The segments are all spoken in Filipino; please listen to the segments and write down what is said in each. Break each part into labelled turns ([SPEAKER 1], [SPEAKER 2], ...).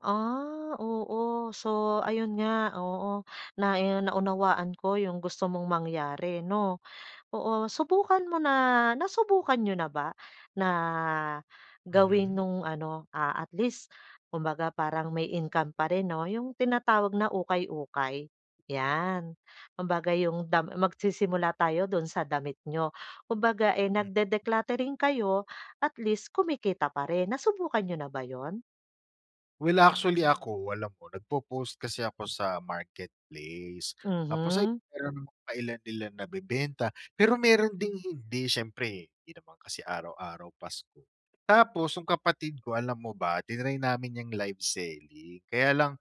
[SPEAKER 1] Ah, oo. So, ayun nga oo. Nai naunawaan ko yung gusto mong mangyari, 'no? Oo, subukan mo na nasubukan niyo na ba na gawin
[SPEAKER 2] Mhm.
[SPEAKER 1] nung ano, ah, at least kumbaga parang may income pa rin, 'no, yung tinatawag na ukay-ukay? 'Yan, kumbaga yung dam magsisimula tayo dun sa damit n'yo. Kumbaga, eh,
[SPEAKER 2] Hmm.
[SPEAKER 1] nagde-decluttering kayo, at least kumikita pa rin. Nasubukan niyo na ba yun?
[SPEAKER 2] Well, actually ako alam mo nagpo-post kasi ako sa Marketplace. Tapos, ayun
[SPEAKER 1] Mhm.
[SPEAKER 2] meron namang pa ilan-ilan nabebenta, pero meron ding hindi, syempre hindi naman kasi araw-araw Pasko. Tapos, yung kapatid ko alam mo ba tinry namin yang live selling, kaya lang,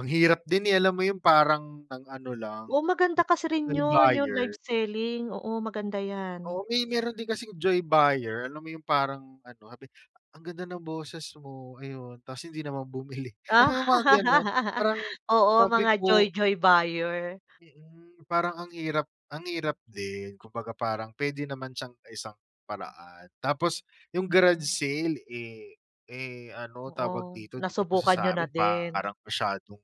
[SPEAKER 2] ang hirap din, eh, alam mo yun parang ang ano lang,
[SPEAKER 1] O, maganda
[SPEAKER 2] eh,
[SPEAKER 1] kasi rin
[SPEAKER 2] joy
[SPEAKER 1] 'yun, 'yung live
[SPEAKER 2] buyer.
[SPEAKER 1] selling, oo maganda yan.
[SPEAKER 2] O, may meron din kasing joy buyer, alam mo yung parang ano sabi, "Ang ganda ng boses mo." Ayun, 'tas hindi naman bumili. Alam mo yung mga gano'n? Parang
[SPEAKER 1] Oo,
[SPEAKER 2] sabi
[SPEAKER 1] mga
[SPEAKER 2] ko
[SPEAKER 1] joy-joy buyer.
[SPEAKER 2] Mm, parang ang hirap ang hirap din. Kumbaga parang pwede naman siyang isang paraan. Tapos, yung garage sale, eh, eh, ano tawag
[SPEAKER 1] Oo,
[SPEAKER 2] dito, dito kasi
[SPEAKER 1] nasubukan niyo na
[SPEAKER 2] sa'min
[SPEAKER 1] din.
[SPEAKER 2] parang masyadong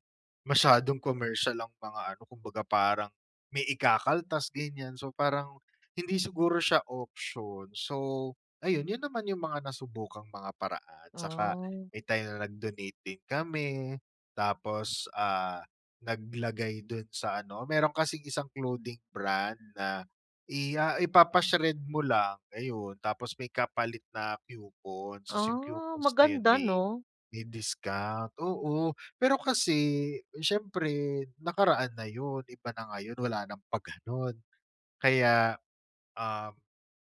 [SPEAKER 2] masyadong commercial ang mga ano, kumbaga parang may ikakaltas ganyan. So, parang hindi siguro siya option. So, ayun, yun naman yung mga nasubukang mga paraan. Tsaka
[SPEAKER 1] Ah.
[SPEAKER 2] may time na nag-donate din kami, tapos, ah, naglagay dun sa ano meron kasing isang clothing brand na i ah, ipapa-shred mo lang, ayun. Tapos may kapalit na coupon, so, si
[SPEAKER 1] Ah,
[SPEAKER 2] coupons na yun
[SPEAKER 1] maganda,
[SPEAKER 2] may
[SPEAKER 1] 'no?
[SPEAKER 2] may discount, oo. Pero kasi syempre nakaraan na yun, iba na ngayon, wala ng pa-ganon. Kaya, uhm,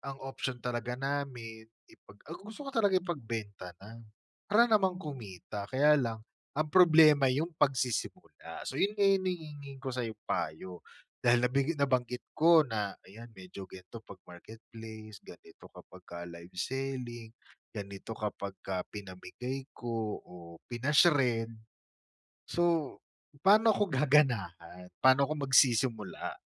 [SPEAKER 2] ang option talaga namin ipag ah, gusto ko talaga ipagbenta na, para naman kumita. Kaya lang ang problema yung pagsisimula. So yun nga yung hinihingi ko sa'yong payo. Dahil nabig nabanggit ko na ayan medyo gan'to 'pag Marketplace, ganito kapag ka live selling, ganito kapagka pinamigay ko o pina-shred. So, pa'no 'ko gaganahan, pa'no 'ko magsisimula?